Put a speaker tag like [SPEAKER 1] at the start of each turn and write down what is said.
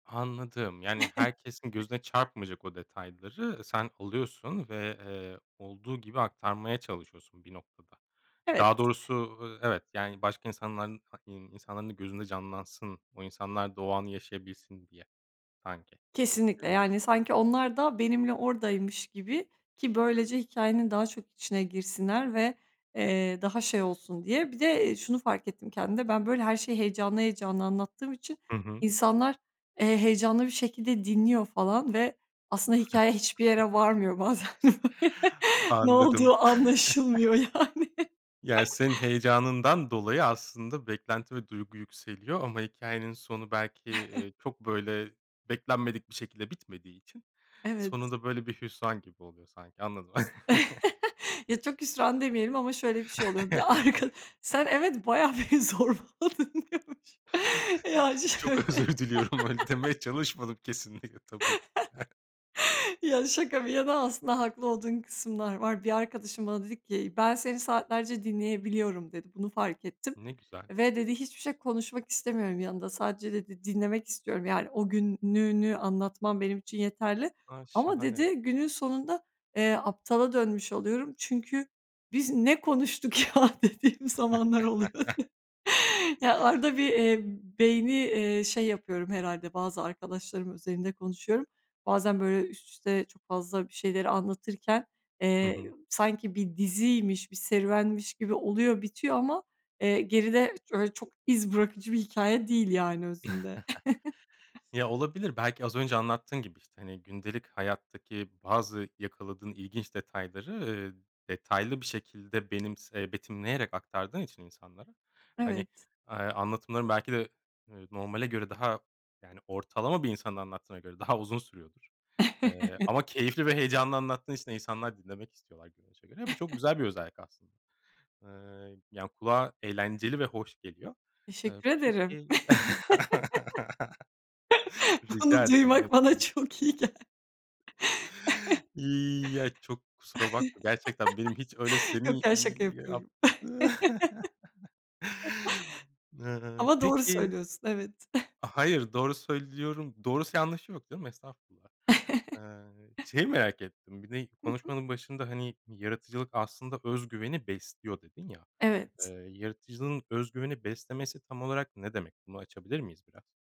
[SPEAKER 1] Anladım. Yani, herkesin gözüne çarpmayacak o detayları sen alıyorsun ve, eee, olduğu gibi aktarmaya çalışıyorsun bir noktada.
[SPEAKER 2] Evet.
[SPEAKER 1] Daha doğrusu, ııı, evet, yani başka insanlar hani, insanların gözünde canlansın, o insanlar da o anı yaşayabilsin diye sanki.
[SPEAKER 2] Kesinlikle.
[SPEAKER 1] Eee
[SPEAKER 2] Yani sanki onlar da benimle oradaymış gibi ki böylece hikâyenin daha çok içine girsinler ve, eee, daha şey olsun diye. Bir de, eee, şunu fark ettim kendimde. Ben, böyle, her şeyi heyecanlı heyecanlı anlattığım için
[SPEAKER 1] Hı hı.
[SPEAKER 2] insanlar, eee, heyecanlı bir şekilde dinliyor falan ve aslında hikâye hiçbir yere varmıyor bazen. Ne
[SPEAKER 1] Anladım.
[SPEAKER 2] olduğu anlaşılmıyor yani.
[SPEAKER 1] Ya, senin heyecanından dolayı aslında beklenti ve duygu yükseliyor ama hikâyenin sonu belki, ııı, çok, böyle, beklenmedik bir şekilde bitmediği için sonu
[SPEAKER 2] Evet.
[SPEAKER 1] da böyle bir hüsran gibi oluyor sanki anladım.
[SPEAKER 2] Ya, çok hüsran demeyelim ama şöyle bir şey oluyor: Bir arkad Sen evet bayağı beni zorbaladın, diyormuşum. Ya şöyle
[SPEAKER 1] Çok özür diliyorum, öyle demeye çalışmadım kesinlikle tabii ki de.
[SPEAKER 2] Ya, şaka bir yana, aslında haklı olduğun kısımlar var. Bir arkadaşım bana dedi ki "Ben seni saatlerce dinleyebiliyorum," dedi. "Bunu fark ettim
[SPEAKER 1] Ne güzel.
[SPEAKER 2] ve" dedi, "hiçbir şey konuşmak istemiyorum yanında. Sadece" dedi, "dinlemek istiyorum. Yani o gününü anlatman benim için yeterli
[SPEAKER 1] A,
[SPEAKER 2] ama"
[SPEAKER 1] şahane.
[SPEAKER 2] dedi, "günün sonunda, eee, aptala dönmüş oluyorum. Çünkü 'Biz ne konuştuk ya?' dediğim zamanlar oluyor." Ya, arada bir, eee, beyni, eee, şey yapıyorum herhâlde, bazı arkadaşlarımın özelinde konuşuyorum. Bazen böyle üst üste çok fazla bir şeyleri anlatırken,
[SPEAKER 1] Hı
[SPEAKER 2] eee,
[SPEAKER 1] hı.
[SPEAKER 2] ı sanki bir diziymiş, bir serüvenmiş gibi oluyor, bitiyor ama, eee, geride öyle çok iz bırakıcı bir hikâye değil yani özünde.
[SPEAKER 1] Ya, olabilir, belki az önce anlattığın gibi, işte, hani, gündelik hayattaki bazı yakaladığın ilginç detayları, eee, detaylı bir şekilde benimse betimleyerek aktardığın için insanlara, hani,
[SPEAKER 2] Evet.
[SPEAKER 1] eee, anlatımların belki de, eee, normale göre daha, yani ortalama bir insanın anlattığına göre daha uzun sürüyordur. Eee,
[SPEAKER 2] Evet.
[SPEAKER 1] ama keyifli ve heyecanlı anlattığın için de insanlar dinlemek istiyorlar görünüşe göre. Bu çok güzel bir özellik aslında. Eee, yani, kulağa eğlenceli ve hoş geliyor. Eee,
[SPEAKER 2] Teşekkür ederim.
[SPEAKER 1] peki
[SPEAKER 2] Bunu
[SPEAKER 1] Rica ederim.
[SPEAKER 2] duymak
[SPEAKER 1] Ne
[SPEAKER 2] bana
[SPEAKER 1] demek.
[SPEAKER 2] çok iyi gel
[SPEAKER 1] Ya, çok kusura bakma gerçekten benim hiç öyle
[SPEAKER 2] Yok
[SPEAKER 1] seni,
[SPEAKER 2] ya, şaka
[SPEAKER 1] iii, yap
[SPEAKER 2] yapıyorum.
[SPEAKER 1] Imm,
[SPEAKER 2] Ama doğru
[SPEAKER 1] peki
[SPEAKER 2] söylüyorsun. Evet.
[SPEAKER 1] A, hayır, doğru söylüyorum doğrusu yanlışı yok canım. Estağfurullah. Iıı, şeyi merak ettim. Bir de
[SPEAKER 2] Hı hı.
[SPEAKER 1] konuşmanın başında, hani, "Yaratıcılık aslında öz güveni besliyor." dedin ya.
[SPEAKER 2] Evet.
[SPEAKER 1] Iıı, yaratıcılığın öz güveni beslemesi tam olarak ne demek? Bunu açabilir miyiz biraz?